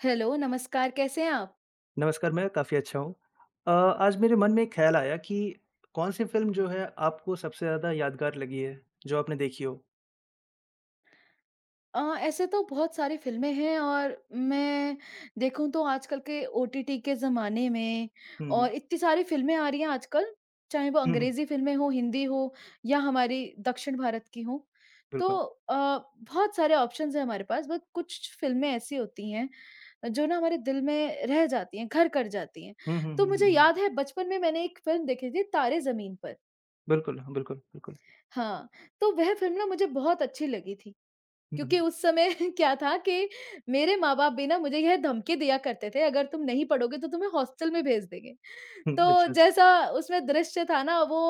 Hello नमस्कार, कैसे हैं आप? नमस्कार मैं काफ़ी अच्छा हूँ। अ आज मेरे मन में एक ख़्याल आया कि, कौन-सी फ़िल्म जो है आपको सबसे ज़्यादा यादगार लगी है, जो आपने देखी हो? अ, ऐसे तो बहुत सारी फ़िल्में हैं और मैं देखूँ तो आजकल के ओटीटी के ज़माने में हुँ, हुँ। और इतनी सारी फ़िल्में आ रही हैं आजकल, चाहें वो हुँ, हुँ। अंग्रेजी फ़िल्में हो, हिंदी हो या हमारी दक्षिण भारत की हों। तो बिल्कुल। अ, बहुत सारे ऑप्शंस हैं हमारे पास बट कुछ फ़िल्में ऐसी होती हैं, जो ना हमारे दिल में रह जाती हैं घर कर जाती हैं। हुँ, हुँ, तो हुँ, मुझे हुँ, हुँ। याद है बचपन में मैंने एक फ़िल्म देखी थी तारे ज़मीन पर। बिल्कुल। हाँ, बिल्कुल, बिल्कुल। हाँ, तो वह फ़िल्म ना मुझे बहुत अच्छी लगी थी। हुँ, क्योंकि हुँ। उस समय क्या था कि मेरे माँ-बाप भी ना मुझे यह धमकी दिया करते थे अगर तुम नहीं पढ़ोगे तो तुम्हें हॉस्टल में भेज देंगे। हुँ, तो अच्छा-अच्छा। जैसा उसमें द्रश्य था ना वो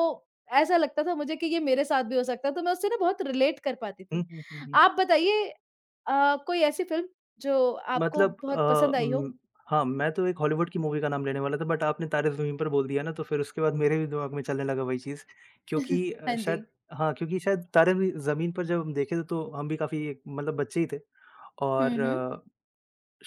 ऐसा लगता था मुझे कि ये मेरे साथ भी हो सकता है तो मैं उससे ना बहुत रिलेट कर पाती हुँ, थी। हुँ, हुँ, हुँ। आप बताइए अ, कोई ऐसी फ़िल्म जो आपको मतलब अ बहुत पसंद आई हो? अम, हाँ मैं तो एक हॉलीवुड की मूवी का नाम लेने वाला था बट आपने तारे ज़मीन पर बोल दिया ना तो फिर उसके बाद मेरे भी दिमाग में चलने लगा वही चीज़, क्योंकि हाँ जी। शायद हाँ, क्योंकि शायद तारे भी ज़मीन पर जब हम देखे थे, तो हम भी काफ़ी मतलब बच्चे ही थे हुँ, हुँ। और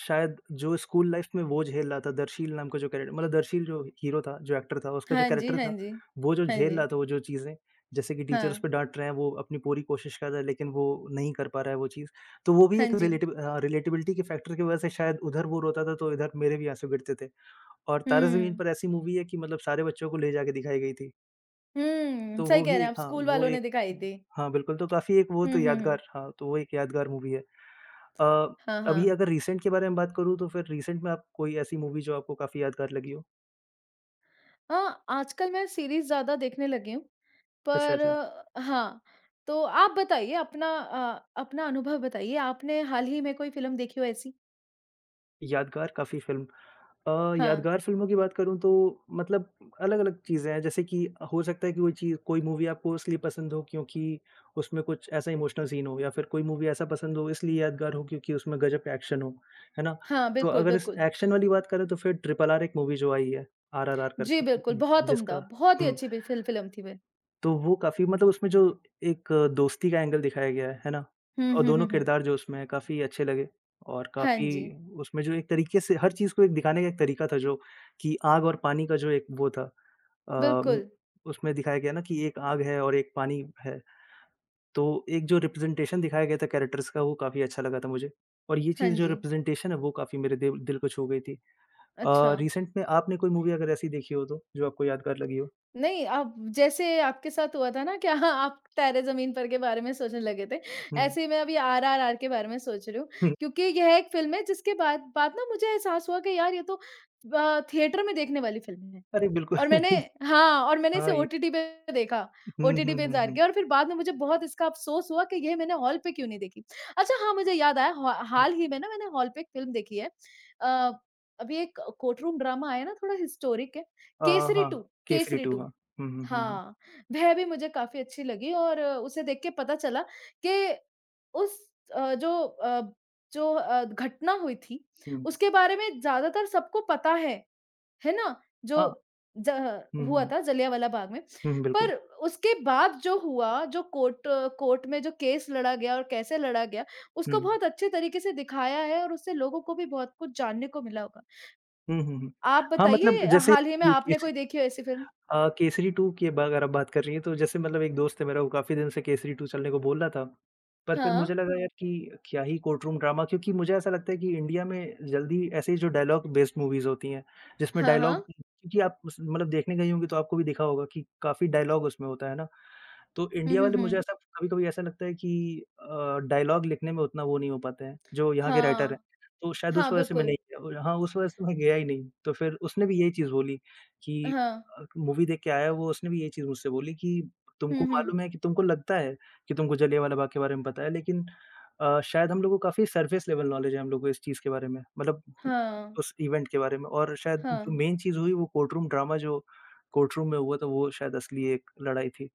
शायद जो स्कूल लाइफ़ में वो झेल रहा था दरशील नाम का जो कैरेक्टर मतलब दरशील जो हीरो था जो एक्टर था उसका जो हाँ जी, कैरेक्टर हाँ था जी। वो जो हाँ झेल जी। रहा था वो जो चीज़ें जैसे कि टीचर्स उस हाँ। पे डांट रहे हैं वो अपनी पूरी कोशिश कर रहा है। लेकिन वो नहीं कर पा रहा है वो चीज़ तो वो भी हाँ एक जी। रिलेटिव अ, रिलेटेबिलिटी के फैक्टर की वजह से शायद उधर वो रोता था तो इधर मेरे भी आँसू गिरते थे। और तारे ज़मीन हम्म। पर ऐसी मूवी है कि मतलब सारे बच्चों को ले जा के दिखाई गई थी। हुँ। तो सही वो कह भी रहे हैं एक आप, हाँ, स्कूल वो वालों ने एक दिखाई थी। हाँ, बिल्कुल। तो काफ़ी एक वो तो हुँ, हुँ, हुँ। यादगार हाँ, तो वो एक यादगार मूवी है। अ, हाँ, अभी हाँ। अगर रिसेंट के बारे में बात करूँ तो फिर रिसेंट में आप कोई ऐसी मूवी जो आपको काफ़ी यादगार लगी हो? हाँ, आजकल मैं सीरीज़ ज़्यादा देखने लगी हूँ। अच्छा, पर अच्छा। हाँ, तो आप बताइए अपना अ, अपना अनुभव बताइए। आपने हाल ही में कोई फ़िल्म देखी हो ऐसी? यादगार काफ़ी फ़िल्म अ, हाँ। यादगार फ़िल्मों की बात करूँ तो मतलब अलग-अलग चीज़ें हैं, जैसे कि हो सकता है कि कोई चीज़ कोई मूवी आपको इसलिए पसंद हो क्योंकि उसमें कुछ ऐसा इमोशनल सीन हो या फिर कोई मूवी ऐसा पसंद हो, इसलिए यादगार हो क्योंकि उसमें ग़ज़ब का एक्शन हो। है ना? हाँ। तो बिल्कुल, अग़र इस बिल्कुल। एक्शन वाली बात करें तो फिर ट्रिपल आर एक मूवी जो आई है, आरआरआर जी, बिल्कुल। करके बहुत उम्दा, जिसका बहुत ही हुँ। अच्छी फि फिल्म थी। तो वो काफ़ी मतलब उसमें जो एक दोस्ती का एंगल दिखाया गया है। है ना? हुँ, अ, हुँ, हुँ, दोनों हुँ। क़िरदार जो उसमें काफ़ी अच्छे लगे और हाँ काफ़ी जी। उसमें जो एक तरीके से हर चीज़ को दिखाने का एक तरीका था जो कि आग और पानी का जो एक वो था अम बिल्कुल। उसमें दिखाया गया न कि एक आग है और एक पानी है। तो एक जो रिप्रेजेंटेशन दिखाया गया था कैरेक्टरस का, वो काफ़ी अच्छा लगा था मुझे, और ये हाँ चीज़ जो जी। रिप्रेजेंटेशन है वो काफ़ी मेरे दे दिल को छू गई थी। अ, अच्छा। रिसेंट में आपने कोई मूवी अगर ऐसी देखी हो तो, जो आपको यादगार लगी हो? नई अब जैसे आपके साथ हुआ था न कि आप तारे ज़मीन पर के बारे में सोचने लगे थे, हुँ। ऐसे ही मैं अभी आरआरआर के बारे में सोच रही हूँ। हुँ। क्योंकि यह एक फ़िल्म है जिसके बाद बाद न मुझे एहसास हुआ कि यार ये तो अ, थिएटर में देखने वाली फ़िल्म है। अरे! बिल्कु और मैंने हाँ, और मैंने इसे हाँ, ये। ओटीटी पे देखा, हुँ, ओटीटी हुँ, पे हुँ, इंतज़ार हुँ। किया और फिर बाद में मुझे बहुत इसका अफ़सोस हुआ कि ये मैंने हॉल पे क्यों नहीं देखी। अच्छा हाँ, मुझे याद आया ह उ। हाल ही में न मैंने हॉल पे एक फ़िल्म देखी है। अ, अभी एक कोर्ट रूम ड्रामा आया न थोड़ा हिस्टोरिक है। अ, केसरी हाँ। 2, केसरी केसरी 2 2 हाँ। हुँ, हुँ, हुँ, हुँ। हाँ, वह भी मुझे काफ़ी अच्छी लगी और उसे देख के पता चला के उस अ, जो अ जो अ, घटना हुई थी हुँ। उसके बारे में ज़्यादातर सबको पता है। है ना? हाँ। जो ज़ह हुँ, हुआ हुँ। था जलियाँवाला बाग़ में। हुँ, हुँ, बिल्कुल। पर उसके बाद जो हुआ जो कोर्ट अ, कोर्ट में जो केस लड़ा गया और कैसे लड़ा गया उसको हुँ। बहुत अच्छे तरीक़े से दिखाया है। और उससे लोगों को भी बहुत कुछ जानने को मिला होगा। हुँ, हुँ, हुँ। आप हाँ, मतलब बताइए। जैसे हाल ही में ये एक आपने ची कोई देखी है ऐसी फिल्म? अ, केसरी 2 की व अग़र आप बात कर रही है तो जैसे मतलब एक दोस्त है मेरा वो काफ़ी दिन से केसरी 2 चलने को बोल रहा था। पर फिर मुझे हाँ। लगा यार कि क्या ही कोर्ट रूम ड्रामा क्योंकि मुझे ऐसा लगता है कि इंडिया में ज़ल्दी ऐसे ही जो डायलॉग बेस्ड मूवीज होती हैं, जिसमें हाँ, डायलॉग हाँ। क्योंकि आप उस मतलब देखने गई होंगी तो आपको भी देखा होगा कि काफ़ी डायलॉग उसमें होता है ना ,तो हुँ, इंडिया हुँ, वाले मुझे हुँ। ऐसा कभी-कभी ऐसा लगता है कि अ, डायलॉग लिख़ने में उतना वो नहीं हो पाते हैं। जो यहाँ के राइटर है, हाँ। तो शायद हाँ, उस वज़ह से मैं बिल्कुल। नहीं गया। हाँ, उस वजह से मैं गया ही नहीं, तो फिर उसने भी यही चीज़ बोली कि हाँ। अ, मूवी देख के आया वो उसने भी यही चीज़ मुझसे बोली कि हुँ, तुमको हुँ। मालूम है कि तुमको लगता है कि तुमको जलियाँवाला बाग़ के बारे में पता है लेकिन अ, शायद हम लोगों को काफ़ी सरफेस लेवल नॉलेज है हम लोगों को इस चीज़ के बारे में मतलब हाँ। उस इवेंट के बारे में और शायद जो हाँ। मेन चीज़ हुई वो कोर्ट रूम ड्रामा जो कोर्ट रूम में हुआ था। वो शायद असली एक लड़ाई थी।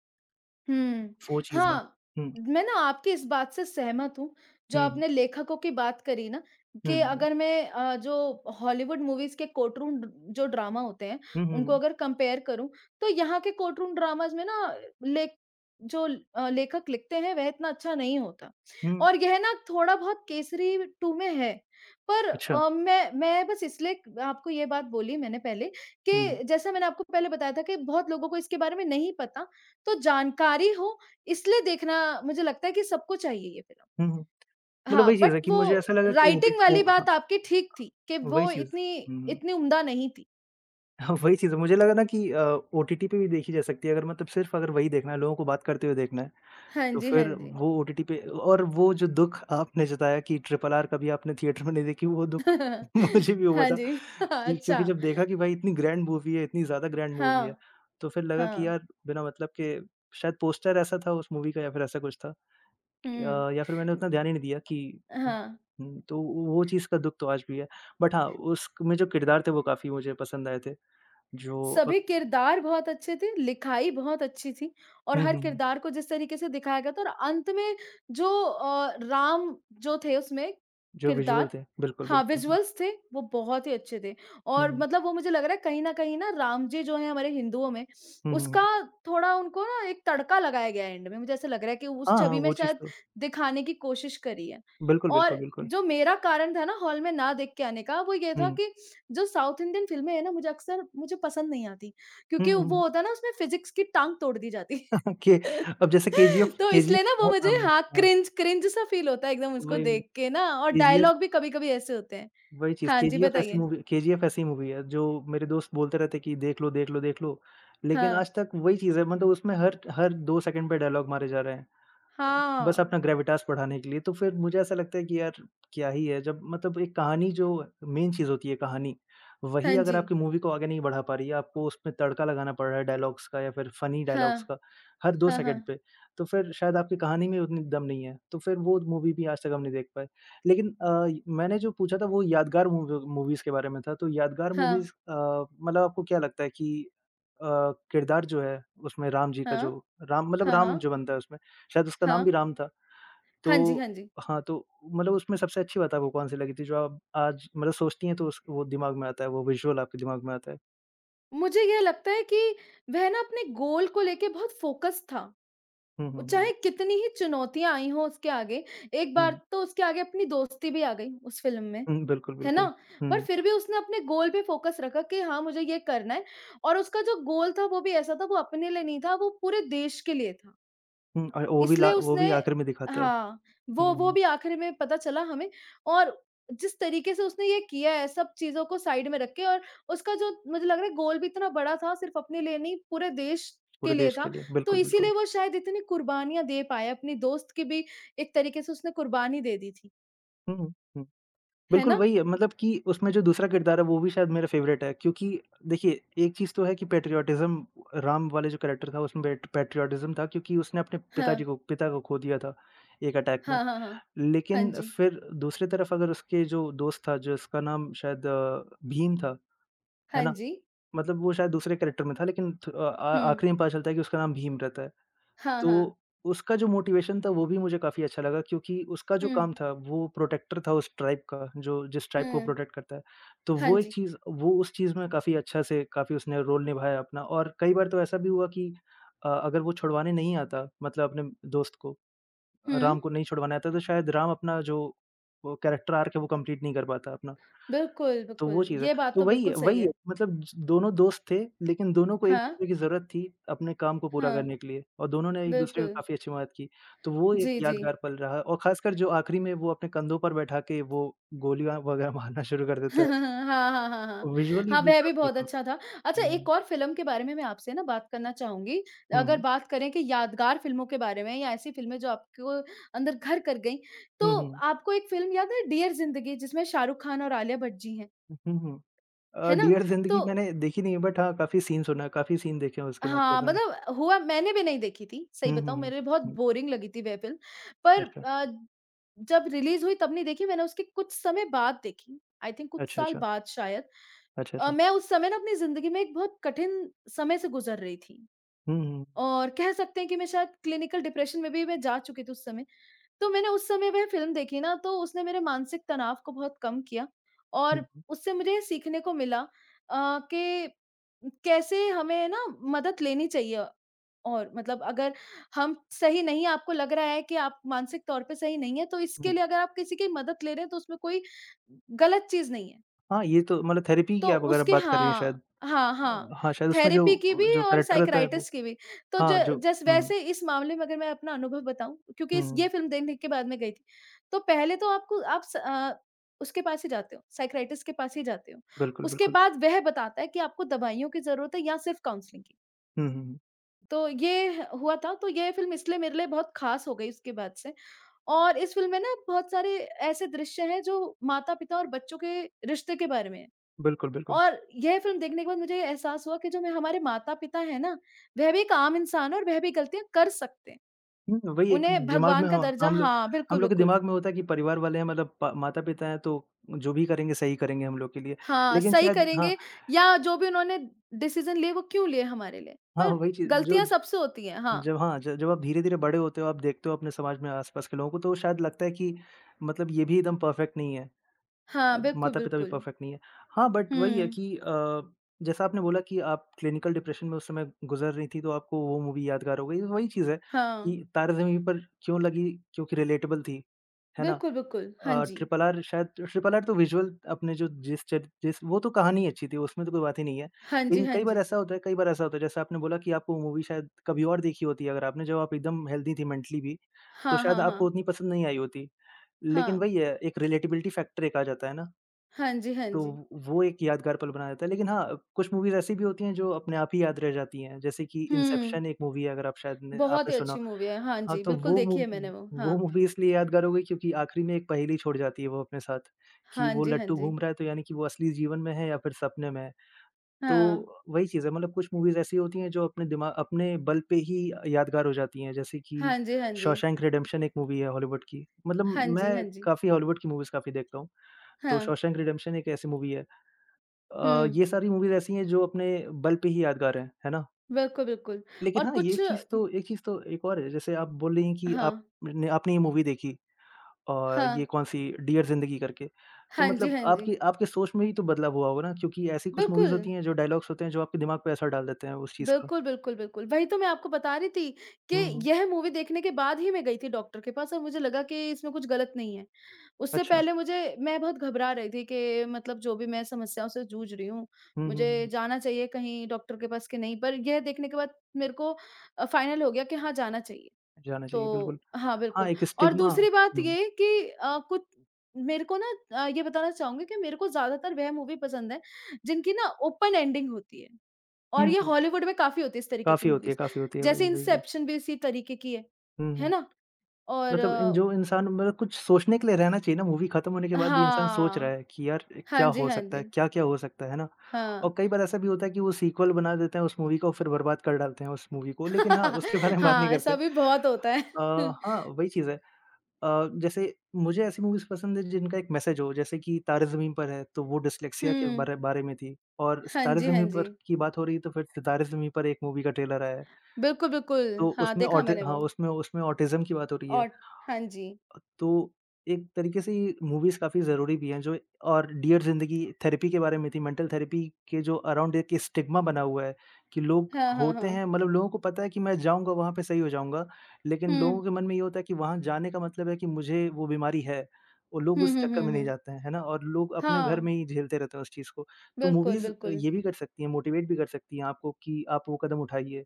हुँ, वो चीज़ें हाँ, हुँ। मैं ना आपकी इस बात से सहमत हूँ, जो हुँ, हुँ। आपने लेखकों की बात करी ना हुँ, कि हुँ, हुँ। अगर मैं अ, जो हॉलीवुड मूवीज़ के कोर्टरूम ड जो ड्रामा होते हैं, हुँ, हुँ, उनको हुँ। अगर कम्पेयर करूँ तो यहाँ के कोर्टरूम ड्रामाज़ में ना ले जो अ, लेखक लिखते हैं वह इतना अच्छा नहीं होता, हुँ। और यह ना थोड़ा बहुत केसरी टू में है। पर अच्छा। अ, मैं मैं बस इसलिए आपको ये बात बोली मैंने पहले हुँ, हुँ। कि जैसा मैंने आपको पहले बताया था कि बहुत लोगों को इसके बारे में नहीं पता तो जानकारी हो, इसलिए देखना मुझे लगता है कि सबको चाहिए ये फ़िल्म। हुँ, हुँ। मतलब हाँ, वही चीज़ बट है कि मुझे ऐसा वो लगा कि ओटी राइटिंग वो वाली हाँ। बात आपकी ठीक थी, कि वही वो चीज़, इतनी हुँ, हुँ। इतनी उम्दा नहीं थी। हाँ वही चीज़ है मुझे लगा न कि अ, ओटीटी पे भी देखी जा सकती है अगर मतलब सिर्फ़ अगर वही देखना है लोगों को बात करते हुए देखना है, हाँ तो जी, हाँ फिर जी। वो ओटीटी पे अ और वो जो दुःख आपने जताया कि ट्रिपल आर कभी आपने थिएटर में नहीं देखी वो दुःख मुझे भी हुआ हाँ था जी कि अच्छा। क्योंकि जब देखा कि भाई इतनी ग्रैंड मूवी है, इतनी ज़्यादा ग्रैंड मूवी है, हाँ, तो फिर लगा कि हाँ। यार बिना मतलब के शायद पोस्टर ऐसा था उस मूवी का या फिर ऐसा कुछ था। हुँ। अ, या फिर मैंने उतना ध्यान ही नहीं दिया कि उम हाँ। उम, तो वो चीज़ का दुःख तो आज भी है बट हाँ, उसमें जो किरदार थे वो काफ़ी मुझे पसंद आए थे। जो अ सभी किरदार बहुत अच्छे थे, लिखाई बहुत अच्छी थी और हुँ, हर हुँ, हुँ। किरदार को जिस तरीके से दिखाया गया था और अंत में जो अ, राम जो थे उसमें जो विज़ुअल किरदार थे, बिल्कुल, हाँ बिल्कुल। हुँ। विज़ुअल्स थे, वो बहुत ही अच्छे थे, हुँ, और हुँ। मतलब वो मुझे लग रहा है कहीं न कहीं ना राम जी जो हैं हमारे हिन्दुओं में, हुँ, हुँ, उसका हुँ। थोड़ा उनको ना एक तड़का लगाया गया है एंड में मुझे ऐसा लग रहा है कि उस हाँ, हाँ, छवि में वो चीज़ शायद तो दिखाने की कोशिश करी है। बिल्कुल, और बिल्कुल, बिल्कुल। जो मेरा कारण था ना हॉल में न देख के आने का वो ये हुँ, था हुँ। कि जो साउथ इंडियन फ़िल्में हैं ना मुझे अक्सर मुझे पसंद नहीं आती हुँ, क्योंकि हुँ, वो हुँ। होता है न उसमें फ़िज़िक्स की टाँग तोड़ दी जाती, के अब जैसे केजीएफ तो केजीएफ इसलिए ना वो बहुत मुझे आम है, हाँ हाँ। क्रिंज क्रिंज सा फ़ील होता है एकदम उसको वही वही, देख के ना और केजीएफ। डायलॉग भी कभी-कभी ऐसे होते हैं। वही चीज़ हाँ जी केजीएफ ऐसी बताइए। मूवी, केजीएफ ऐसी मूवी है जो मेरे दोस्त बोलते रहते हैं कि देख लो देख लो देख लो, लेकिन हाँ। आज तक वही चीज़ है मतलब उसमें हर हर 2 सेकंड पे डायलॉग मारे जा रहे हैं, बस हाँ। अपना ग्रेविटास बढ़ाने के लिए तो फिर मुझे ऐसा लगता है कि यार, क्या ही है जब मतलब एक कहानी जो मेन चीज़ होती है कहानी, वही हाँ अगर जी। आपकी मूवी को आगे नहीं बढ़ा पा रही है आपको उसमें तड़का लगाना पड़ रहा है डायलॉग्स का या फिर फ़नी डायलॉग्स हाँ, का हर 2 हाँ, सेकंड हाँ। पे, तो फिर शायद आपकी कहानी में ही उतनी दम नहीं है। तो फिर वो मूवी भी आज तक हम नहीं देख पाए। लेकिन अ, मैंने जो पूछा था वो यादगार मूवी मूवीज़ के बारे में था तो यादगार हाँ। मूवीज़ अ, मतलब आपको क्या लगता है कि अ, किरदार जो है उसमें राम जी का जो, हाँ, राम मतलब हाँ, राम हाँ। जो बनता है उसमें, शायद उसका नाम भी हाँ। राम था। हाँ जी, तो हाँ जी। हाँ तो, मतलब उसमें सबसे अच्छी बात आपको कौन-सी लगी थी जो आप आज मतलब सोचती हैं तो उस वो दिमाग में आता है वो विज़ुअल आपके दिमाग में आता है। मुझे ये लगता है कि वह ना अपने गोल को लेके बहुत फ़ोकस था। हुँ, उ हुँ, हुँ। चाहे कितनी ही चुनौतियाँ आई हो उसके आगे एक बार हुँ। तो उसके आगे अपनी दोस्ती भी आ गई उस फ़िल्म में, हुँ, बिल्कुल, है ना? बिल्कुल। पर हुँ। फ़िर भी उसने अपने गोल पे फ़ोकस रखा कि हाँ मुझे ये करना है और उसका जो गोल था वो भी ऐसा था वो अपने लिए नहीं था वो पूरे देश के लिए था। हुँ। और वो भी ला इसलिए वो उसने भी आख़िरी में दिखाता है। हाँ वो वो हुँ। भी आख़िरी में पता चला हमें। और जिस तरीके से उसने ये किया है सब चीज़ों को साइड में रख़ के। और उसका जो मुझे लग रहा है गोल भी इतना बड़ा था सिर्फ़ अपने लिए नहीं पूरे देश के पूरे लिए देश था। के लिए। तो बिल्कुल, इसीलिए बिल्कुल। वो शायद इतनी कुर्बानियाँ दे पाया। अपने दोस्त की भी एक तरीके से उसने कुर्बानी दे दी थी। हुँ, हुँ। है बिल्कुल ना? वही है। मतलब कि उसमें जो दूसरा किरदार है वो भी शायद मेरा फ़ेवरेट है। क्योंकि देखिए एक चीज़ तो है कि पैट्रियोटिज़्म राम वाले जो कैरेक्टर था उसमें बैठ पैट्रियोटिज़्म था क्योंकि उसने अपने पिताजी हाँ। को पिता को ख़ो दिया था एक अटैक में। हाँ, हाँ, हाँ। हाँ लेकिन जी। फ़िर दूसरी तरफ़ अगर उसके जो दोस्त था, जिसका नाम शायद भीम था, है हाँ ना? जी। मतलब वो शायद दूसरे कैरेक्टर में था लेकिन थु अ अ, हुँ। आख़िरी में पता चलता है कि उसका नाम भीम रहता है। हाँ, हाँ। तो उसका जो मोटिवेशन था वो भी मुझे काफ़ी अच्छा लगा क्योंकि उसका जो हुँ। काम था वो प्रोटेक्टर था उस ट्राइब का जो जिस ट्राइब को वो हुँ। प्रोटेक्ट करता है। तो हाँ वो एक जी। चीज़ वो उस चीज़ में काफ़ी अच्छा से काफ़ी उसने रोल निभाया अपना और कई बार तो ऐसा भी हुआ कि अ, अगर वो छुड़वाने नहीं आता मतलब अपने दोस्त को। हुँ। राम को नहीं छुड़वाने आता तो शायद राम अपना जो वो कैरेक्टर आर्क है वो कंप्लीट नहीं कर पाता अपना। बिल्कुल, तो वो बिल्कुल। चीज़ है। ये बात तो तो वही बिल्कुल है सही वही है। है। मतलब स दोनों दोस्त थे, लेकिन दोनों को एक हाँ। दूसरे की ज़रूरत थी अपने काम को पूरा हाँ। करने के लिए। और दोनों ने एक-दूसरे को बिल्कुल। काफ़ी अच्छी मदद की। तो वो एक जी, यादगार जी। पल रहा। और ख़ासकर जो आख़िरी में वो अपने कंधों पर बैठा के वो गोलियाँ वग़ैरह मारना शुरू कर देते हैं। हाँ, हाँ, हाँ, हाँ। विज़ुअली हाँ, भी वह भी काफ़ी बहुत था। अच्छा था। अच्छा हुँ। एक और फ़िल्म के बारे में मैं आपसे ना बात करना चाहूँगी। हुँ, अगर हुँ। बात करें कि यादगार फ़िल्मों के बारे में। या ऐसी फ़िल्में जो आपको अंदर घर कर गईं। हुँ, तो हुँ। आपको एक फ़िल्म याद है डियर ज़िंदगी? जिसमें शाहरुख खान और आलिया भट्ट जी हैं। हुँ, हुँ। अ, है ना? डियर ज़िंदगी तो मैंने देखी नहीं है। बट हाँ काफ़ी सीन सुना। काफ़ी सीन देखे हैं उसके हाँ, मतलब मैंने। मतलब हुआ मैंने भी नहीं देखी थी। सही हुँ, हुँ, बताऊँ हुँ। मेरे लिए बहुत हुँ। बोरिंग लगी थी वह फ़िल्म। पर अच्छा। अ, जब रिलीज़ हुई तब नहीं देखी मैंने उसके कुछ समय बाद देखी। आई थिंक कुछ अच्छा, साल अच्छा। बाद शायद। अच्छा, अ, अच्छा। मैं उस समय ना अपनी ज़िदंगी में एक बहुत कठिन समय से गुज़र रही थी। हुँ, हुँ। और कह सकते हैं कि मैं शायद क्लिनिकल डिप्रेशन में भी मैं जा चुकी थी उस समय। तो मैंने उस समय में फ़िल्म देखी ना, तो उसने मेरे मानसिक तनाव को बहुत कम किया। हुँ, और हुँ। उससे मुझे ये सीखने को मिला अ, कि कैसे हमें ना मदद लेनी चाहिए। और मतलब अगर हम सही नहीं हैं आपको लग रहा है कि आप मानसिक तौर पे सही नहीं हैं तो इसके हुँ। लिए अगर आप किसी की मदद ले रहे हैं तो उसमें कोई ग़लत चीज़ नहीं है। हाँ, ये तो मतलब थेरेपी की तो आप अगर आप उसके बात कर रही हैं हाँ, शायद हाँ, हाँ। हाँ, शायद उसमें जो थेरेपी की भी जो और कैरेक्टर रहता है वो। साइकियाट्रिस्ट की भी। तो ज हाँ जो जस हुँ। वैसे इस मामले में अगर मैं अपना अनुभव बताऊँ क्योंकि इस ये हुँ। फ़िल्म दे देखने के बाद मैं गई थी। तो पहले तो आपको आप स अ, उसके पास ही जाते हो, साइकियाट्रिस्ट के पास ही जाते हो। बिल्कुल, उसके बिल्कुल। बाद वह बताता है कि आपको दवाइयों की ज़रूरत है या सिर्फ़ काउंसलिंग की। हुँ, हुँ। तो ये हुआ था, तो ये फिल्म इसलिए मेरे लिए बहुत ख़ास हो गई उसके बाद से और इस फिल्म में ना बहुत सारे ऐसे दृश्य हैं, जो माता-पिता और बच्चों के रिश्ते के बारे में हैं। बिल्कुल, बिल्कुल। और यह फिल्म देखने के बाद मुझे ये एहसास हुआ कि जो में हमारे माता-पिता हैं ना, वह भी एक आम इंसान है और वह भी ग़लतियाँ कर सकते हैं। हुँ, वही एक उन्हें दिमाग में भगवान का ह दर्जा हम लोग हाँ हम बिल्कुल, लोग के बिल्कुल। दिमाग में होता है कि परिवार वाले हैं मतलब पा माता-पिता हैं तो, जो भी करेंगे, सही करेंगे हम लोग के लिए। हाँ लेकिन सही शायद हाँ करेंगे या जो भी उन्होंने डिसीज़न लिए वो क्यों लिए हमारे लिए? हाँ पर वही चीज़, जो ग़लतियाँ सबसे होती हैं हाँ। जब हाँ ज जब आप धीरे-धीरे बड़े होते हो, आप देखते हो अपने समाज में आसपास के लोगों को, तो शायद लगता है कि मतलब ये भी एकदम पर्फेक्ट नहीं है। हाँ, अ, बिल्कुल, माता-पिता भी बिल्कुल। पर्फेक्ट नहीं है। हाँ बट वही है हुँ। कि अ, जैसा आपने बोला कि आप क्लिनिकल डिप्रेशन में उस समय गुज़र रही थीं, तो आपको वो मूवी यादगार हो गयी। वही चीज़ है हाँ। कि तारे ज़मीन पर क्यों लगी क्योंकि रिलेटेबल थी। है ना? बिल्कुल, बिल्कुल। हाँ अ, जी। ट्रिपल आर शायद ट्रिपल आर तो विजुअल अपने जो जिस चे जिस, वो तो कहानी अच्छी थी उसमें तो कोई बात ही नहीं है। हाँ जी, लेकिन हाँ कई बार जी। ऐसा होता है, कई बार ऐसा होता है, जैसे आपने बोला कि आपको मूवी शायद कभी और देखी होती है, अगर आपने जब आप एकदम हेल्थी थी मेंटली भी। तो हाँ, शायद हाँ, आपको हाँ। उतनी पसंद नहीं आई होती, लेकिन हाँ। वही है एक रिलेटेबिलिटी फैक्टर एक आ जाता है ना। हाँ जी, हाँ तो जी। वो एक यादगार पल बना देता है। लेकिन हाँ अ, कुछ मूवीज़ ऐसी भी होती हैं जो अपने आप ही याद रह जाती हैं। जैसे कि हुँ। इन्सेप्शन एक मूवी है अगर आप शायद न बहुत आपने ही सुना अच्छी मूवी है। हाँ हाँ जी, तो बिल्कुल वो मू देखी है मैंने वो, वो हाँ। मूवी इसलिए यादगार हो गयी क्योंकि आख़िरी में एक पहेली छोड़ जाती है वो अपने साथ, कि हाँ वो जी, हाँ लट्टू जी। घूम रहा है, तो यानी कि वो असली जीवन में है या फिर सपने में है। हाँ। तो, वही चीज़ है मतलब कुछ मूवीज़ ऐसी होती है जो अपने दिमा अपने बल पे ही अ, यादगार हो जाती हैं, जैसे कि हाँ जी, हाँ जी। शॉशैंक रिडेम्पशन एक मूवी है हॉलीवुड की, मतलब हाँ जी, हाँ मैं जी। काफ़ी हॉलीवुड की मूवीज़ काफ़ी देखता हूँ। तो हाँ। शॉशैंक रिडेम्पशन एक ऐसी मूवी है। अ, हुँ। ये सारी मूवीज़ ऐसी है जो अपने बल पे ही यादगार हैं। है ना? बिल्कुल, बिल्कुल लेकिन और हाँ, ये कुछ चीज़ उम तो ये चीज़ तो एक और है, जैसे आप बोल रही हैं कि आप हाँ। आपने ये मूवी देखी। और ये हाँ। कौन-सी? डियर ज़िंदगी करके। तो हाँ जी, मतलब हाँ जी। आपकी आपकी सोच में ही तो बदलाव हुआ होगा ना क्योंकि ऐसी कुछ मूवीज़ बिल्कुल। होती हैं, जो डायलॉग्स होते हैं, जो आपके दिमाग पर असर डाल देते है उस चीज़ का। बिल्कुल, बिल्कुल, बिल्कुल वही तो मैं आपको बता रही थी, कि हुँ, हुँ। यह मूवी देखने के बाद ही मैं गई थी डॉक्टर के पास और मुझे लगा कि इसमें कुछ ग़लत नहीं है। उससे अच्छा। पहले मुझे मैं बहुत घबरा रही थी कि मतलब जो भी मैं समस्याओं से जूझ रही हूँ, हुँ, हुँ, मुझे हुँ। जाना चाहिए, कहीं डॉक्टर के पास कि नहीं? पर यह देखने के बाद मेरे को अ, फ़ाइनल हो गया कि हाँ जाना चाहिए, जाना चाहिए बिल्कुल। तो हाँ हाँ बिल्कुल एक और स्टिग्मा दूसरी बात हुँ। ये कि अ, कु मेरे को ना अ, ये बताना चाहूँगी कि मेरे को ज़्यादातर वह मूवी पसंद हैं जिनकी ना ओपन एंडिंग होती है और हुँ, ये हुँ। हॉलीवुड में काफ़ी होती है इस तरीके की काफ़ी होती है, मूवीज़ काफ़ी होती है। जैसे वही, वही, वही। इन्सेप्शन भी उसी तरीके की है। हुँ, है हुँ। ना, और मतलब इं जो इंसान मतलब कुछ सोचने के लिए रहना चाहिए ना मूवी खत्म होने के बाद भी इंसान सोच रहा हाँ। है कि यार हाँ क्या जी, हो हाँ सकता है? जी। क्या-क्या हो सकता है? है ना, हाँ। और कई बार ऐसा भी होता है कि वो सीक्वल बना देते हैं, उस मूवी को और फिर बर्बाद कर डालते हैं उस मूवी को लेकिन हाँ उसके बारे में बात नहीं हाँ करते ऐसा भी अ, बहुत होता है। हाँ वही चीज़ है अ, जैसे मुझे ऐसी मूवीज़ पसंद है जिनका एक मैसेज हो जैसे कि तारे ज़मीन पर है तो वो डिस्लेक्सिया के हुँ। बारे बारे में थी और हाँ तारे जी, हाँ ज़मीन पर जी। की बात हो रही है, तो फिर सितारे ज़मीन पर एक मूवी का ट्रेलर आया है। बिल्कुल, तो बिल्कुल। हाँ उसमें देखा ऑटि मैंने हाँ वो। उसमें उसमें ऑटिज्म की बात हो रही है। और हाँ जी। अ, तो एक तरीके से ये मूवीज़ काफ़ी ज़रूरी भी हैं। जो और डियर ज़िंदगी थेरेपी के बारे में थी, मेंटल थेरेपी के जो अराउंड स्टिग्मा बना हुआ है कि लोग हाँ, हाँ, होते हाँ। हैं मतलब लोगों को पता है कि मैं जाऊँगा वहाँ पे, सही हो जाऊँगा। लेकिन हुँ। लोगों के मन में ये होता है कि वहाँ जाने का मतलब है कि मुझे, वो बीमारी है और लोग हुँ, उस हुँ, चक्कर हुँ, में नहीं हुँ। जाते हैं, है ना? और लोग अपने घर हाँ। में ही झेलते रहते हैं उस चीज़ को, तो बिल्कुल, मूवीज़ बिल्कुल। ये भी कर सकती है, मोटिवेट भी कर सकती है आपको कि आप वो कदम उठाइए।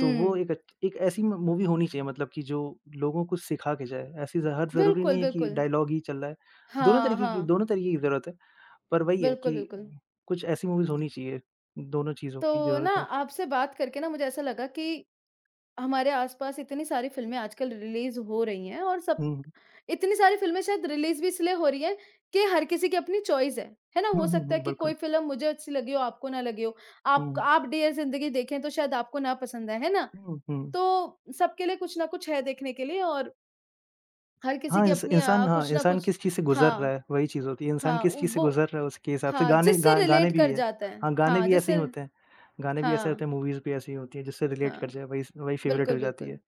तो वो एक अच एक ऐसी म मूवी होनी चाहिए मतलब कि जो लोगों को सिखा के जाए, ऐसी ज़ हर ज़रूरी बिल्कुल, नहीं है कि बिल्कुल। डायलॉग ही चल रहा है। दोनों हाँ, तरीके की हाँ। दोनों तरीके की ज़रूरत है। पर वही है, बिल्कुल, कि बिल्कुल। कुछ ऐसी मूवीज़ होनी चाहिए, दोनों चीज़ों की तो ना ज़रूरत है। आपसे बात करके ना मुझे ऐसा लगा कि हमारे आस-पास इतनी सारी फिल्में आजकल रिलीज़ हो रही हैं और सब हुँ। इतनी सारी फिल्में शायद रिलीज़ भी इसलिए हो रही हैं कि हर किसी की अपनी चॉइस है। है ना? हो हुँ, हुँ, सकता है हुँ। कि कोई बिल्कुल। फिल्म मुझे अच्छी लगी हो आपको ना लगी हो। आप क हुँ। आप डियर ज़िंदगी देखें, तो शायद आपको ना पसंद आए, है ना? हुँ, हुँ। तो, सबके लिए कुछ ना कुछ है देखने के लिए और हर किसी हाँ की इंस अपनी इंसान अ, हाँ कुछ ना इंसान कुछ किस चीज़ से गुज़र रहा हाँ। है वही चीज़ होती है। इंसान हाँ, किस चीज़ से वो गुज़र रहा है उसके हिसाब से हाँ गाने जिससे गा गाने रिलेट भी कर ये है। जाते हैं हाँ गाने हाँ भी ऐसे ही जिससे होते हैं गाने भी ऐसे ही हाँ। होते हैं, मूवीज़ भी ऐसे ही होती हैं, जिससे रिलेट कर हाँ। जाए वही, वही फेवरेट बिल्कुल, हो जाती है। बिल्कुल।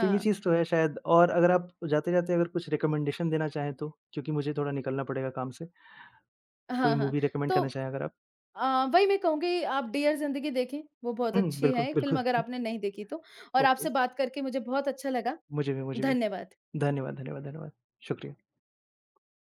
तो ये चीज़ तो है शायद और अगर आप जाते-जाते अगर कुछ रिकमेंडेशन देना चाहें तो? क्योंकि मुझे थोड़ा निकलना पड़ेगा काम से। कोई हाँ, हाँ। मूवी रिकमेंड तो करना चाहें अगर आप? अ, वही मैं कहूँगी आप डियर ज़िंदगी देखें, वो बहुत हुँ, अच्छी बिल्कुल, है फिल्म अगर बिल्कुल। आपने नहीं देखी तो और ओके आपसे बात करके मुझे बहुत अच्छा लगा। मुझे भी, मुझे भी। धन्यवाद। धन्यवाद, धन्यवाद, धन्यवाद। शुक्रिया।